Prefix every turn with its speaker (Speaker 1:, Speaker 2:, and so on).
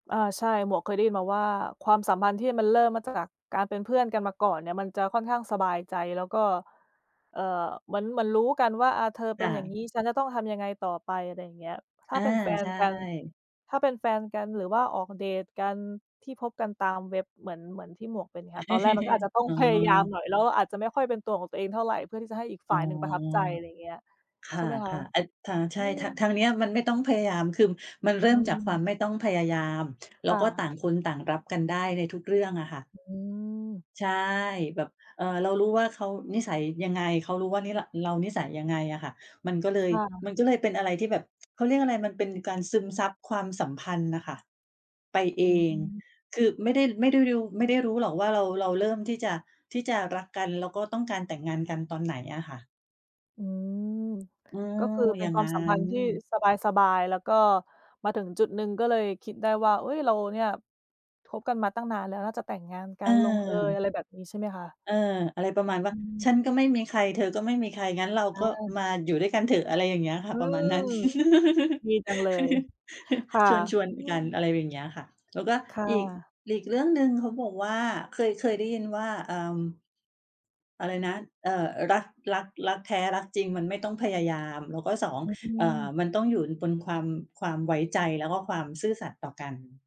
Speaker 1: อา ใช่ หมวกเคยได้ยินมาว่าความสัมพันธ์ที่มันเริ่มมาจากการเป็นเพื่อนกันมาก่อนเนี่ย มันจะค่อนข้างสบายใจ แล้วก็ เอ่อ เหมือน เหมือนรู้กันว่า อ่า "เธอเ
Speaker 2: ค
Speaker 1: ป็
Speaker 2: ่
Speaker 1: น อย่าง
Speaker 2: ะ
Speaker 1: งี้ ฉันจะต้องทำยังไงต่อไป?" อะไรอย่างเงี้ย ถ้
Speaker 2: อ
Speaker 1: า
Speaker 2: า
Speaker 1: เป็น แฟ
Speaker 2: ใ
Speaker 1: น
Speaker 2: ช
Speaker 1: กัน
Speaker 2: ่
Speaker 1: ถ้าเป็นแฟนกัน หรือว่าออกเดตกัน ที่พบกันตามเว็บ เหมือน เหมือนที่หมวกเป็นค่ะ ตอนแรกมันก็อาจจะต้อง
Speaker 2: อ๋
Speaker 1: พยายาม
Speaker 2: อ
Speaker 1: หน่อย แล้วอาจจะไม่ค่อยเป็นตัวของตัวเองเท่าไร เพื่อที่จะให้อีกฝ
Speaker 2: อ๋อ
Speaker 1: ่าย หนึ่งประทับใจ อะไรอย่างเงี้ย
Speaker 2: ค
Speaker 1: ใช
Speaker 2: ่
Speaker 1: ่
Speaker 2: ะ
Speaker 1: ไหมคะ
Speaker 2: ๆ อ ค่ะ ใช
Speaker 1: อื
Speaker 2: ่ค่ะ ทา
Speaker 1: ม
Speaker 2: งเนี้ยมันไม่ต้องพยายาม คือมันเริ
Speaker 1: อ
Speaker 2: ่
Speaker 1: ื
Speaker 2: มจากความ
Speaker 1: ม
Speaker 2: ไม่ต้องพยายาม แล้
Speaker 1: ค
Speaker 2: ว
Speaker 1: ่
Speaker 2: ก็ต่า
Speaker 1: ะ
Speaker 2: งคนต่างรับกันได้ในทุกเรื่องอะค่ะ
Speaker 1: อืม
Speaker 2: ใช่ แบบ เอ่อ เรารู้ว่าเขานิสัยยังไง เขารู้ว่านิ เรา เรานิสัยยังไงอะค่ะ มันก็เล
Speaker 1: ค
Speaker 2: ย
Speaker 1: ่ะ
Speaker 2: มันก็เลยเป็นอะไรที่แบบ เขาเรียกอะไร มันเป็นการซึมซับความสัมพันธ์น่ะค่ะ ไปเอ
Speaker 1: อือฮ
Speaker 2: ง
Speaker 1: ึ
Speaker 2: คือไม่ได้ ไม่ได้รู ไม่ได้รู้หรอกว่า เรา เราเริ่มที่จะ ที่จะรักกัน แล้วก็ต้องการแต่งงานกันตอน ไหนอะค่ะ
Speaker 1: อืม
Speaker 2: อื
Speaker 1: ก็
Speaker 2: ม
Speaker 1: คือเป
Speaker 2: อ
Speaker 1: ็
Speaker 2: ย
Speaker 1: น
Speaker 2: ่าง
Speaker 1: ควา
Speaker 2: ง
Speaker 1: ม
Speaker 2: ั้
Speaker 1: สัมพันธ
Speaker 2: น
Speaker 1: ์ที่สบาย ๆ แล้วก็มาถึงจุดหนึ่ง ก็เลยคิดได้ว่า เอ๊ย เราเนี่ยคบกันมาตั้งนานแล้ว น่าจะแต่งงานกัน ลงเอย
Speaker 2: เ
Speaker 1: อ
Speaker 2: ออ
Speaker 1: ะไรแบบนี้ ใช่ไหมคะ?
Speaker 2: เออ อะไรประมาณว่
Speaker 1: อ
Speaker 2: า
Speaker 1: ืม
Speaker 2: "ฉันก็ไม่มีใคร เธอก็ไม่มีใคร งั้นเรา
Speaker 1: อ
Speaker 2: ก็
Speaker 1: า
Speaker 2: มาอยู่ด้วยกันเถอะ" อะไรอย่างเงี้ยค่
Speaker 1: อ
Speaker 2: ะ
Speaker 1: ื
Speaker 2: ประมาณนั้น
Speaker 1: ม ดีจังเลย ค่ะ
Speaker 2: ชวน
Speaker 1: อื
Speaker 2: ๆ กั
Speaker 1: ม
Speaker 2: นอะไรอย่างเงี้ยค่ะ แล้วก็
Speaker 1: ค่
Speaker 2: อีก
Speaker 1: ะ
Speaker 2: อีกเรื่องหนึ่ง เขาบอกว่า เคย เคยได้ยินว่า เอิ่ม อะไรนะ เอ่อ อ รัก รัก รักแท้ รักจริง มันไม่ต้องพยายาม แล้วก็ 2
Speaker 1: อื
Speaker 2: เอ่อ
Speaker 1: อ
Speaker 2: มันต้องอยู่บนความ ความไว้ใจ แล้วก็ความซื่อสัตย์ต่อกัน